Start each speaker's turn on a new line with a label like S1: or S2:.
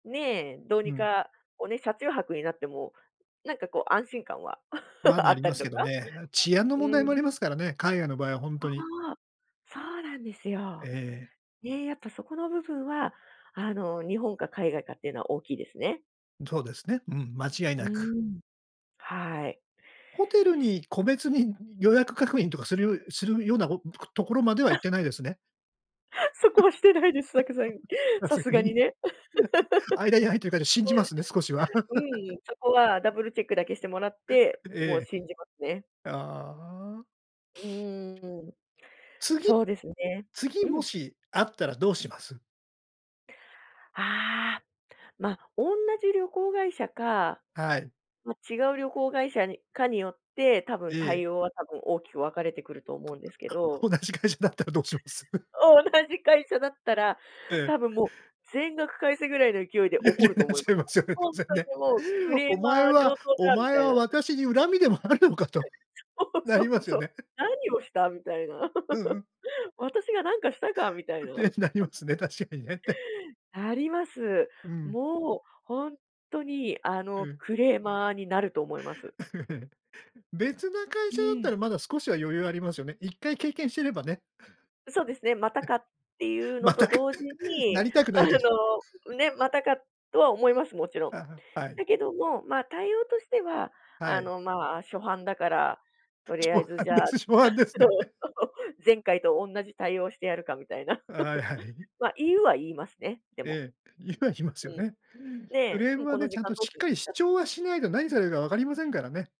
S1: ね、どう
S2: う
S1: に
S2: ん。
S1: かおね、車中泊になっても、なんかこう安心感は
S2: ま、
S1: あ
S2: な
S1: っ
S2: り
S1: た
S2: ま
S1: り
S2: す
S1: と
S2: け
S1: か。
S2: どね。あ、治安の
S1: う
S2: 問題も
S1: ん。
S2: ありますからね、海外の場合はほん
S1: そ
S2: とに。
S1: う。そうなんです
S2: え
S1: よ。
S2: え。
S1: ね、やっぱそこの部分はあの日本か海外かってのは大きいですね。
S2: そうですね、うん、間違い
S1: う
S2: なく。
S1: ん、はい。
S2: ホテル
S1: です。
S2: に個別に予約確認とかするよするようなこうぷく、ところまでは行ってない ですね？
S1: そこはしてないです、さくざん
S2: さ
S1: さ
S2: すが
S1: すがに
S2: に。
S1: ね。
S2: 間に入ってるかで信じますね、少しは。
S1: うんう ん、そこはダブルチェックだけしてもらって、もう
S2: え
S1: 信じますね。
S2: え。ああ。
S1: うーん。
S2: 次
S1: そうですね。
S2: 次
S1: う
S2: も
S1: ん。
S2: しあったらどうします？
S1: ああ、ま、おんなじ旅行会社か、
S2: はい。
S1: ま、違う旅行会社にかによって、多
S2: え
S1: 分、
S2: え。
S1: 対応は多分、大きく分かれてくると思うんですけ ど
S2: 同じ会社だったらどうしま す？
S1: 同じ会社だったら、
S2: ええ。
S1: 多分もう全額返せぐらいの勢いで
S2: 言う
S1: 怒
S2: よ
S1: る
S2: うな
S1: と
S2: っ
S1: 思い
S2: ちゃ
S1: ま
S2: い
S1: す。
S2: ますよね、
S1: ほほ
S2: 当
S1: ん
S2: 然
S1: と
S2: ね。
S1: にもう、クレ
S2: お
S1: ー
S2: 前
S1: マー
S2: は
S1: 上等
S2: お
S1: だみ
S2: 前
S1: たい
S2: は
S1: な。
S2: 私に恨みでもあるのかと、
S1: そう
S2: な
S1: そ
S2: り
S1: う
S2: ますよ
S1: そう、
S2: ね。
S1: 何をしたみたいな。
S2: うんうん。
S1: 私が何かしたかみたい な。
S2: て、なりま すね、確かにねって。
S1: なります。
S2: うん。
S1: もうほんっとにあ
S2: う
S1: の、
S2: ん。
S1: クレーマーになると思います。
S2: うん。別な会
S1: う
S2: 社だった
S1: ん。
S2: らまだ少しは余裕ありますよね。1回経験してればね。
S1: そうですね、また
S2: え、
S1: かっていうの
S2: ま
S1: と
S2: たか。
S1: 同時
S2: な
S1: に、
S2: りたくな
S1: あの、
S2: いけど。
S1: うね、またかとは思います、もちろん。
S2: はあ、はい。
S1: だけども、ま、対応としては
S2: は
S1: あ
S2: い。
S1: の、まあ、初犯だから、とりあ
S2: 初
S1: えず
S2: 犯
S1: じ
S2: で
S1: ゃあ
S2: す、初犯で す
S1: そ
S2: ね。
S1: う そう、前回とおんなじ対応してやるかみたいな。
S2: はいはい。
S1: ま、言うは言いますね、でも。
S2: ええ、言うは言いますよ
S1: うん。
S2: ね。ク
S1: ね、
S2: レー
S1: 「う
S2: ム
S1: ん、
S2: は
S1: この
S2: ね、ち
S1: 時
S2: ゃんと
S1: 間どう
S2: しっ
S1: すん
S2: か
S1: で
S2: り
S1: す
S2: 主
S1: か？」
S2: 張はしないと何されるか分かりませんからね。